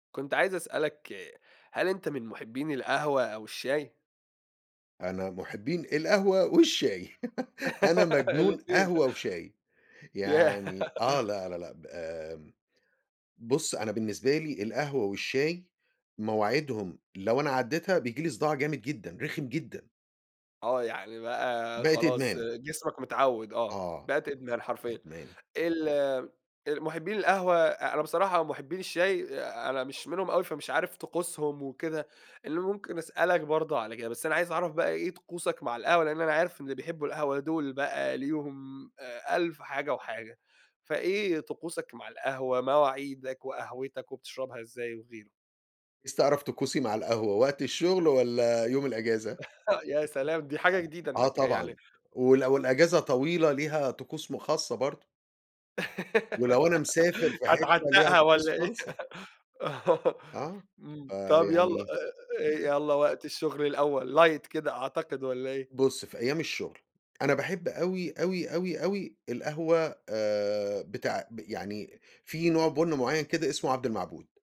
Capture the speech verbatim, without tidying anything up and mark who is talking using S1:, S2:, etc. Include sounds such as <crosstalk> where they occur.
S1: كنت عايز أسألك، هل أنت من مُحبّين القهوة أو الشاي؟
S2: أنا مُحبّين القهوة والشاي، <giggles> أنا
S1: <giggles>
S2: مجنون
S1: الاتنين،
S2: قهوة وشاي،
S1: ياه!
S2: يعني آه لا، لا، لأ، ب آمم، بُص أنا بالنسبة لي القهوة والشاي، مواعيدهم لو أنا عدّيتها، بييجي لي صداع جامد جدًا، رخم جدًا.
S1: آه، يعني بقى
S2: بقت
S1: خلاص
S2: إدمان.
S1: جسمك متعوّد، آه،
S2: آه،
S1: بقت
S2: آه،
S1: إدمان حرفيًا.
S2: إدمان.
S1: ال المُحبّين القهوة أ أنا بصراحة ومُحبّين الشاي، آآ، أنا مش منهم أوي، فمش عارف طقوسهم وكده، اللي ممكن أسألك برضه على كده، بس أنا عايز أعرف بقى إيه طقوسك مع القهوة، لإن أنا عارف إن بيحبوا القهوة دول بقى ليهم آآ، ألف حاجة وحاجة، فإيه طقوسك مع القهوة، مواعيدك وقهوتك وبتشربها إزاي وغيره؟
S2: عايز تعرف طقوسي مع القهوة وقت الشغل والّا يوم الأجازة؟
S1: <chuckles> يا سلام! دي حاجة جديدة
S2: آه،
S1: إنك
S2: طبعًا،
S1: يعني
S2: وال والأجازة طويلة ليها طقوس م خاصة برضه. ولو أنا مسافر
S1: <giggles>
S2: في حتة ليها
S1: هتعتّقها والّا
S2: طقوس
S1: إيه؟
S2: فَلْصة.
S1: آه،
S2: آه،
S1: إمم
S2: آآ،
S1: طب يالّا
S2: يعني
S1: إ إ يالّا وقت الشغل الأول، Light كده، أعتقد والّا إيه؟
S2: بُص في أيام، الشغل أنا باحب أوي، أوي، أوي، أوي القهوة، آآ، بتاع ب يعني في نوع بُنْ معين كده، اسمه عبد المعبود.